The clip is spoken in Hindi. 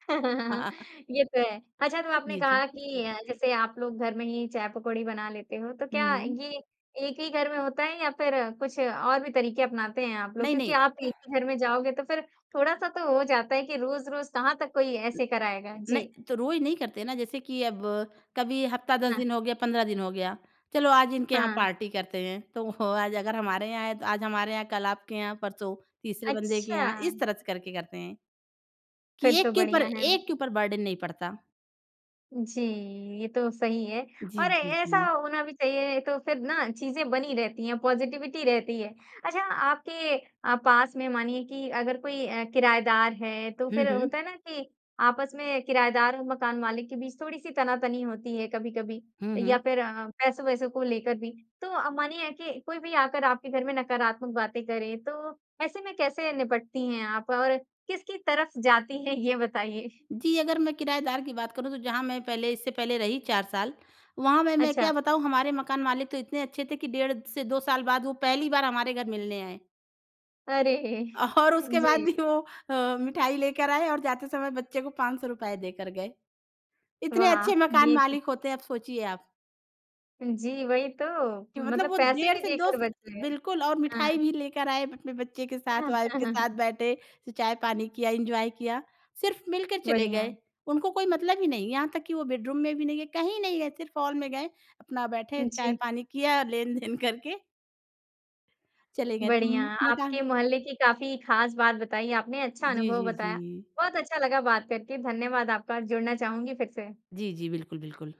ये तो है। अच्छा, तो आपने जी, जी। कहा कि अ, जैसे आप लोग घर में ही चाय-पकौड़ी बना लेते हो, तो क्या हुँ। ये एक ही घर में होता है, या फिर कुछ और भी तरीके अपनाते हैं आप लोग? नहीं, क्योंकि नहीं। आप एक ही घर में जाओगे, तो फिर थोड़ा-सा तो हो जाता है कि रोज़-रोज़ कहाँ तक कोई ऐसे कराएगा? न जी। तो रोज़ नहीं करते हैं ना। जैसे कि अब कभी हफ़्ता, 10 हाँ। दिन हो गया, 15 दिन हो गया, "चलो, आज इनके यहाँ हाँ। पार्टी करते हैं।" तो आज अगर हमारे यहाँ है, तो आज हमारे यहाँ, कल आपके यहाँ, परसों तीसरे बंदे के अच्छा। यहाँ, इस तरह से करके करते हैं कि फिर तो एक के ऊपर बढ़िया है। एक के ऊपर बर्डन नहीं पड़ता। जी, ये तो सही है, जी, और ए जी, ऐसा जी। होना भी चाहिए, तो फिर ना, चीज़ें बनी रहती हैं, पॉज़िटिविटी रहती है। अच्छा, आपके अ, पास में मानिए कि अगर कोई अ, किरायेदार है, तो हुँ, फिर होता हुँ। है ना कि आपस में किरायेदार और मकान मालिक के बीच थोड़ी-सी तना-तनी होती है कभी-कभी, हुँ, या हुँ। फिर पैसों-वैसों को लेकर भी। तो अ, मानिए कि कोई भी आकर आपके घर में नकारात्मक बातें करे, तो ऐसे में कैसे निपटती हैं आप और किसकी तरफ जाती हैं? ये बताइए। जी, अगर मैं किरायेदार की बात करूँ, तो जहाँ मैं पहले, इससे पहले रही 4 साल, वहाँ में मैं अच्छा। क्या बताऊँ, हमारे मकान मालिक तो इतने अच्छे थे कि डेढ़ से 2 साल बाद, वो पहली बार हमारे घर मिलने आए। अरे! और हाँ उसके बाद जी। भी वो अ, मिठाई लेकर आए और जाते समय बच्चे को ₹500 देकर गए। इतने वाह! अच्छे मकान ये तो मालिक होते हैं, अब सोचिए आप। जी, वही तो। कि मतलब मतलब वो पैसे डेढ़ भी से 2 देकर स बच रहे हैं। बिल्कुल, और हाँ। मिठाई भी लेकर आए अपने बच्चे के साथ, वाइफ़ के साथ बैठे, स चाय-पानी किया, एन्जॉय किया। सिर्फ़ मिलकर चले गए। बढ़िया। उनको कोई मतलब ही नहीं, यहाँ तक कि वो बेडरूम में भी नहीं गए, कहीं नहीं गए, सिर्फ़ हॉल में गए, अपना बैठे, जी। चाय-पानी किया, लेन-देन करके चले गए। तो बढ़िया, उम, मैं कहा आपके मोहल्ले की काफ़ी ख़ास बात बताई आपने, अच्छा जी, अनुभव जी, बताया। जी। बहुत अच्छा लगा बात करके। धन्यवाद आपका, जुड़ना चाहूँगी फिर से। जी, जी। बिल्कुल, बिल्कुल।